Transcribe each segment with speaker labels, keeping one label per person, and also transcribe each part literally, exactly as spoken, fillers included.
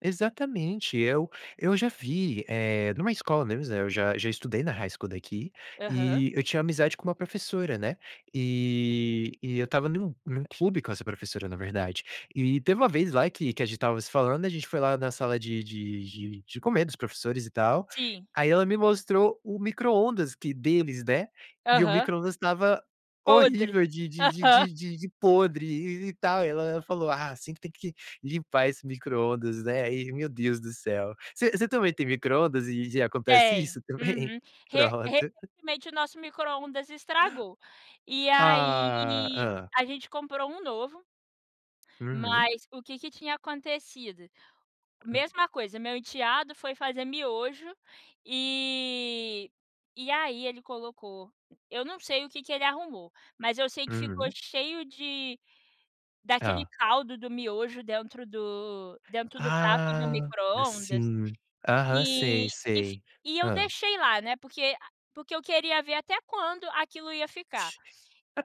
Speaker 1: Exatamente, eu eu já vi, eh, em uma escola deles, né, eu já já estudei na High School daqui,
Speaker 2: Aham.
Speaker 1: e eu tinha amizade com uma professora, né, e e eu estava num num clube com essa professora, na verdade. E teve uma vez lá que que a gente estava se falando, gente foi lá na sala de de de de comer dos professores e tal,
Speaker 2: Sim.
Speaker 1: aí ela me mostrou o microondas que deles, né, e o
Speaker 2: Aham.
Speaker 1: microondas estava
Speaker 2: Podre,
Speaker 1: horrível, de de de
Speaker 2: aham.
Speaker 1: de de podre e tal. Ela falou: "Ah sim, que tem que limpar esse microondas, né". E meu Deus do céu. Você você também tem microondas e acontece
Speaker 2: Tem,
Speaker 1: isso também?
Speaker 2: uhum, re
Speaker 1: Pronto.
Speaker 2: recentemente o nosso microondas estragou. E
Speaker 1: Ah
Speaker 2: aí,
Speaker 1: hã?
Speaker 2: a gente comprou um novo
Speaker 1: Uhum.
Speaker 2: mas, o que que tinha acontecido?
Speaker 1: Hum.
Speaker 2: Mesma coisa, meu enteado foi fazer miojo, e e aí ele colocou eu não sei o que que ele arrumou, mas eu sei que ficou
Speaker 1: Uhum.
Speaker 2: cheio de daquele
Speaker 1: Hã.
Speaker 2: caldo do miojo dentro do dentro do prato do
Speaker 1: Ah,
Speaker 2: microondas.
Speaker 1: assim, aham. Sei,
Speaker 2: E fi
Speaker 1: sei,
Speaker 2: e eu
Speaker 1: hã.
Speaker 2: deixei lá, né, porque porque eu queria ver até quando aquilo ia ficar.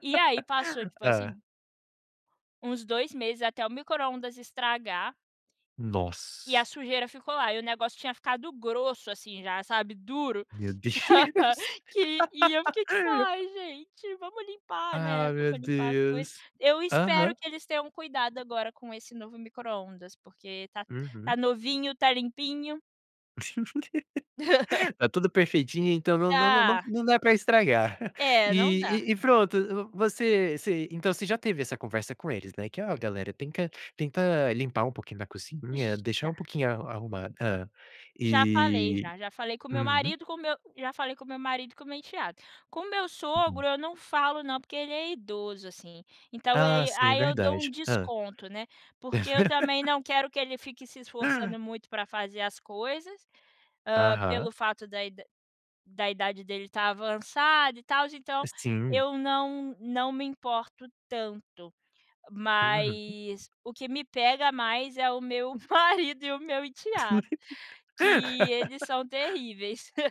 Speaker 2: E aí passou tipo
Speaker 1: Hã.
Speaker 2: assim uns dois meses até o microondas estragar E
Speaker 1: Nossa.
Speaker 2: a sujeira ficou lá e o negócio tinha ficado grosso, assim já, sabe, duro.
Speaker 1: Meu Deus.
Speaker 2: Que e eu fiquei tipo: "Ai gente, vamos limpar, né,
Speaker 1: Ah, meu
Speaker 2: vamos limpar as coisas".
Speaker 1: Deus.
Speaker 2: Eu espero
Speaker 1: Aham.
Speaker 2: que eles tenham cuidado agora com esse novo microondas, porque está
Speaker 1: Uhum.
Speaker 2: está novinho, está limpinho.
Speaker 1: Está tudo perfeitinho, então não não não
Speaker 2: Tá.
Speaker 1: não, dá para estragar.
Speaker 2: É, não dá.
Speaker 1: E e e pronto, você você sim, então você já teve essa conversa com eles, né. Que a galera tem cá tenta limpar um pouquinho da cozinha,
Speaker 2: J
Speaker 1: deixar
Speaker 2: já.
Speaker 1: um pouquinho arrumada, ah,
Speaker 2: Já falei
Speaker 1: e
Speaker 2: já, já falei com o meu
Speaker 1: uhum.
Speaker 2: marido com meu já falei com o meu marido com o meu enteado. Com o meu
Speaker 1: Uhum.
Speaker 2: sogro eu não falo não, porque ele é idoso assim, então, eh,
Speaker 1: Ah
Speaker 2: aí
Speaker 1: sim
Speaker 2: aí eu dou um
Speaker 1: verdade, hã.
Speaker 2: desconto, né, porque eu também não quero que ele fique se esforçando muito para fazer as coisas, ah,
Speaker 1: Aham.
Speaker 2: pelo fato da ida da idade dele estar avançada e tal, então,
Speaker 1: Sim.
Speaker 2: eu não não me importo tanto.
Speaker 1: Uhum.
Speaker 2: Mas o que me pega mais é o meu marido e o meu enteado, que eles são terríveis.